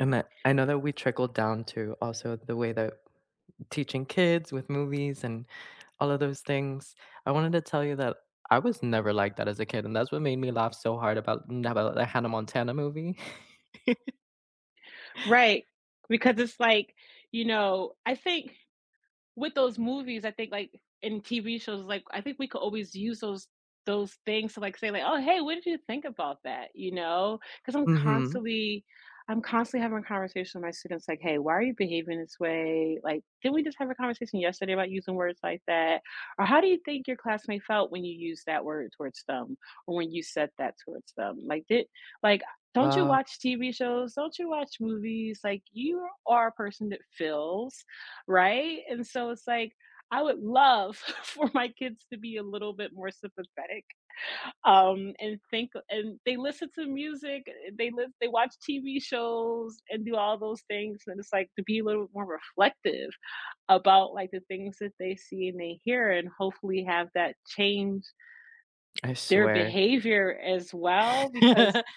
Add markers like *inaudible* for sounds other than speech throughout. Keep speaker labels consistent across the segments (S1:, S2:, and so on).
S1: And that I know that we trickled down to also the way that teaching kids with movies and all of those things. I wanted to tell you that I was never like that as a kid, and that's what made me laugh so hard about n about the Hannah Montana movie. *chuckles*
S2: Right, because it's like you know, I think with those movies, I think like, in TV shows, like, I think we could always use those those things to like say like, "Oh, hey, what did you think about that?" You know, cause I'm
S1: Mhm.
S2: constantly I'm constantly having a conversation with my students like, "Hey, why are you behaving this way? Like, didn't we just have a conversation yesterday about using words like that?" or "How do you think your classmate felt when you use that word towards them, or when you said that towards them? Like, di like, a don't you
S1: Wow.
S2: watch TV shows, don't you watch movies? Like, you are a person that feels, right?" And so, it's like, I would love for my kids to be a little bit more sympathetic, um, and think a and they listen to music, eh, they live they watch TV shows and do all those things, and it's, like, to be a little more reflective about, like, the things that they see and they hear, and hopefully have that change
S1: I
S2: their
S1: swear
S2: behavior as well because
S1: *laughs*
S2: *laughs*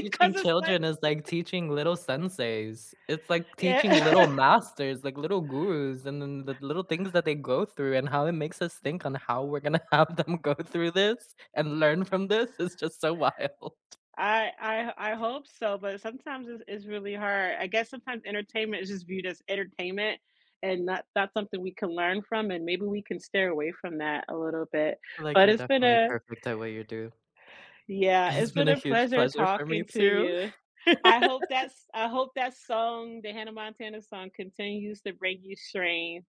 S1: Teaching
S2: it's, like
S1: children is like
S2: *chuckles*
S1: teaching little senseis. It's like teaching
S2: Yeah.
S1: little masters, like little gurus, and then the little things that they go through, and how it makes us think on how we're gonna have them go through this, and learn
S2: I
S1: from this is just so wild.
S2: I I I hope so, but sometimes it's it's really hard. I guess sometimes entertainment is just viewed as entertainment, and not that's something we can learn from, and maybe we can stay away from that a little bit.
S1: I like
S2: But
S1: you're
S2: it's been
S1: definitely
S2: a
S1: perfect the way you do.
S2: Yeah,
S1: It’s
S2: it's
S1: been
S2: been
S1: a
S2: a
S1: huge
S2: pleasure
S1: pleasure for me
S2: talking to
S1: too.
S2: you. I hope that
S1: *laughs*
S2: s I hope that song, the Hannah Montana song continues to bring you strength.